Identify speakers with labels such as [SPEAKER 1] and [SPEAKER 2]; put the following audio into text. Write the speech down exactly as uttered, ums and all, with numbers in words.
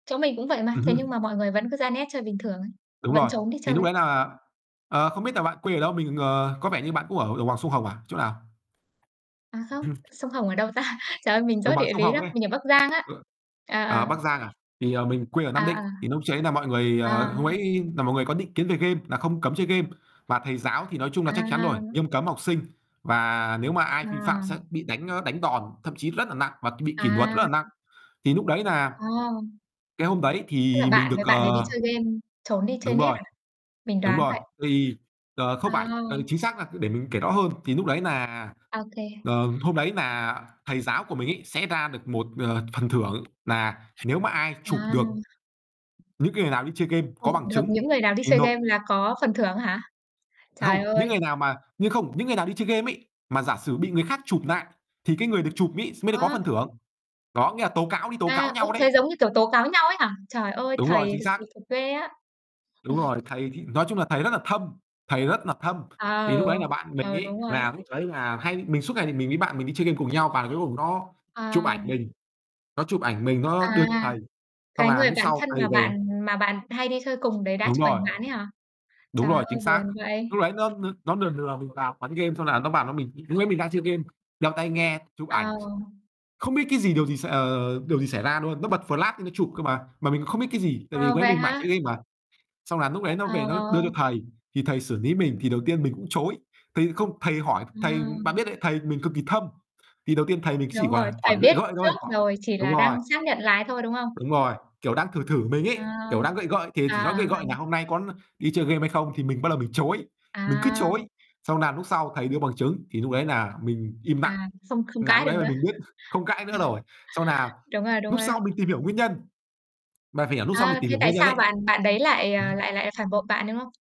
[SPEAKER 1] Chỗ mình cũng vậy mà.
[SPEAKER 2] Ừm
[SPEAKER 1] Thế nhưng
[SPEAKER 2] hưm.
[SPEAKER 1] mà mọi người vẫn cứ ra net chơi bình thường ấy,
[SPEAKER 2] Đúng
[SPEAKER 1] vẫn
[SPEAKER 2] rồi.
[SPEAKER 1] trốn đi
[SPEAKER 2] Thì
[SPEAKER 1] chơi
[SPEAKER 2] lúc
[SPEAKER 1] ấy.
[SPEAKER 2] đấy nà, ờ, không biết nà bạn quê ở đâu? Mình, ờ, có vẻ như bạn cũng ở đồng bằng sông Hồng à? Chỗ nào?
[SPEAKER 1] À không, sông Hồng ở đâu ta? Trời ơi, mình
[SPEAKER 2] Đồng
[SPEAKER 1] dốt
[SPEAKER 2] bằng
[SPEAKER 1] địa
[SPEAKER 2] sông
[SPEAKER 1] lý
[SPEAKER 2] Hồng
[SPEAKER 1] lắm.
[SPEAKER 2] ấy.
[SPEAKER 1] Mình ở Bắc Giang á.
[SPEAKER 2] Ờ. Ờ,
[SPEAKER 1] À.
[SPEAKER 2] Bắc Giang à? Thì, ờ, mình quê ở Nam Định.
[SPEAKER 1] À,
[SPEAKER 2] Thì lúc ch ấy là mọi người,
[SPEAKER 1] à.
[SPEAKER 2] ờ hôm
[SPEAKER 1] À.
[SPEAKER 2] ấy là mọi người có định kiến về game nà không cấm chơi game. Và thầy giáo thì nói chung là chắc chắn rồi,
[SPEAKER 1] À.
[SPEAKER 2] nghiêm cấm học sinh, và nếu mà ai vi phạm
[SPEAKER 1] À.
[SPEAKER 2] sẽ bị đánh, ơ, đánh đòn, thậm chí rất nà nặng và bị kỷ nuật rất là
[SPEAKER 1] À.
[SPEAKER 2] nặng. Thì lúc đấy nà
[SPEAKER 1] À!
[SPEAKER 2] cái hôm đấy
[SPEAKER 1] Tức là
[SPEAKER 2] thì mình
[SPEAKER 1] bạn
[SPEAKER 2] được,
[SPEAKER 1] với bạn đấy đi
[SPEAKER 2] ờ
[SPEAKER 1] chơi game, trốn đi chơi
[SPEAKER 2] Đúng
[SPEAKER 1] net
[SPEAKER 2] rồi,
[SPEAKER 1] à? Mình
[SPEAKER 2] đúng
[SPEAKER 1] đoán
[SPEAKER 2] rồi.
[SPEAKER 1] vậy.
[SPEAKER 2] Thì ờ, không phải, ừ,
[SPEAKER 1] À.
[SPEAKER 2] chính xác là để mình kể rõ hơn. Thì lúc đấy nà
[SPEAKER 1] Ô kê.
[SPEAKER 2] ờ, hôm đấy nà thầy giáo của mình ấy sẽ ra được một, ờ, phần thưởng nà nếu mà ai chụp được
[SPEAKER 1] À.
[SPEAKER 2] những cái người nào đi chơi game có
[SPEAKER 1] Ồ,
[SPEAKER 2] bằng
[SPEAKER 1] được
[SPEAKER 2] chứng
[SPEAKER 1] những người nào đi
[SPEAKER 2] thì
[SPEAKER 1] chơi
[SPEAKER 2] nộp
[SPEAKER 1] game là có phần thưởng hả?
[SPEAKER 2] Không,
[SPEAKER 1] Trời
[SPEAKER 2] những
[SPEAKER 1] ơi!
[SPEAKER 2] người nào mà nhưng không, những người nào đi chơi game ấy, mà giả sử bị người khác chụp nại, thì cái người được chụp ấy mới được có
[SPEAKER 1] Ờ.
[SPEAKER 2] phần thưởng. Đó, nghĩa là tố cáo, đi tố cáo
[SPEAKER 1] À, ôi,
[SPEAKER 2] nhau đấy.
[SPEAKER 1] thế giống như, kiểu, tố cáo nhau ấy hả? Trời ơi,
[SPEAKER 2] Đúng rồi,
[SPEAKER 1] thầy
[SPEAKER 2] chính xác.
[SPEAKER 1] kỳ cục ghê á.
[SPEAKER 2] Đúng rồi, thầy thì nói chung là thầy rất là thâm, thầy rất là thâm. Thì
[SPEAKER 1] Ờ,
[SPEAKER 2] lúc đấy nà bạn mình
[SPEAKER 1] ờ,
[SPEAKER 2] ấy
[SPEAKER 1] đúng rồi á.
[SPEAKER 2] là lúc đấy là hay mình suốt ngày thì mình với bạn mình đi chơi game cùng nhau và cuối cùng nó chụp
[SPEAKER 1] Ờ.
[SPEAKER 2] ảnh mình. Nó chụp ảnh mình, nó đưa
[SPEAKER 1] À,
[SPEAKER 2] cho thầy, xong
[SPEAKER 1] cái
[SPEAKER 2] là
[SPEAKER 1] người
[SPEAKER 2] núc
[SPEAKER 1] bạn
[SPEAKER 2] sau
[SPEAKER 1] thân
[SPEAKER 2] thầy
[SPEAKER 1] mà
[SPEAKER 2] về.
[SPEAKER 1] bạn mà bạn hay đi chơi cùng đấy đã
[SPEAKER 2] Đúng
[SPEAKER 1] chụp
[SPEAKER 2] rồi.
[SPEAKER 1] ảnh bạn ấy hả?
[SPEAKER 2] Đúng
[SPEAKER 1] Trời
[SPEAKER 2] rồi, chính
[SPEAKER 1] ơi,
[SPEAKER 2] xác.
[SPEAKER 1] buồn vậy.
[SPEAKER 2] Lúc đấy nó nó nó nừa nừa mình vào quán game, xong là nó vào nó mình lúc đấy mình đang chơi game, đeo tai nghe, chụp
[SPEAKER 1] Ờ.
[SPEAKER 2] ảnh. Không biết cái gì, điều gì, s ờ, điều gì xảy ra luôn, nó bật flash nó chụp cơ mà, mà mình cũng không biết cái gì tại vì lúc
[SPEAKER 1] Ờ,
[SPEAKER 2] đấy
[SPEAKER 1] vậy
[SPEAKER 2] mình mải
[SPEAKER 1] hả?
[SPEAKER 2] chơi game mà. Xong là núc đấy nó về nó đưa cho
[SPEAKER 1] Ờ.
[SPEAKER 2] thầy. Thì thầy xử ní mình thì đầu tiên mình cũng chối. Thầy không, thầy hỏi
[SPEAKER 1] Ờ.
[SPEAKER 2] thầy bạn biết đấy, thầy mình cực kỳ thâm, thì đầu tiên thầy mình chỉ
[SPEAKER 1] Đúng rồi,
[SPEAKER 2] là
[SPEAKER 1] thầy
[SPEAKER 2] hỏi gợi
[SPEAKER 1] biết
[SPEAKER 2] gợi thôi,
[SPEAKER 1] trước
[SPEAKER 2] hỏi
[SPEAKER 1] rồi, chỉ
[SPEAKER 2] đúng
[SPEAKER 1] là
[SPEAKER 2] rồi.
[SPEAKER 1] đang xác nhận lại thôi, đúng không?
[SPEAKER 2] Đúng rồi, kiểu, đang thử thử mình
[SPEAKER 1] À,
[SPEAKER 2] ấy, kiểu, đang gợi gợi. Thì chỉ nói
[SPEAKER 1] à, à,
[SPEAKER 2] gợi
[SPEAKER 1] à.
[SPEAKER 2] gợi là "Hôm nay có đi chơi game hay không?" thì mình ban đầu mình chối. Mình cứ
[SPEAKER 1] À.
[SPEAKER 2] chối, xong nà núc sau thầy đưa bằng chứng, thì núc đấy nà mình im nặng,
[SPEAKER 1] À, xông không
[SPEAKER 2] nà
[SPEAKER 1] cãi
[SPEAKER 2] lúc
[SPEAKER 1] được
[SPEAKER 2] nấy là
[SPEAKER 1] nữa.
[SPEAKER 2] mình biết không cãi nữa rồi. Xong nà
[SPEAKER 1] Đúng rồi, đúng
[SPEAKER 2] núc
[SPEAKER 1] rồi á.
[SPEAKER 2] sau mình tìm hiểu nguyên nhân, mà phải lúc sau mình
[SPEAKER 1] À,
[SPEAKER 2] tìm
[SPEAKER 1] thế
[SPEAKER 2] hiểu
[SPEAKER 1] tại
[SPEAKER 2] nguyên nhân
[SPEAKER 1] sao
[SPEAKER 2] ấy
[SPEAKER 1] bạn bạn đấy lại,
[SPEAKER 2] ừm
[SPEAKER 1] ờ,
[SPEAKER 2] hưm.
[SPEAKER 1] lại lại phản bội bạn, đúng không?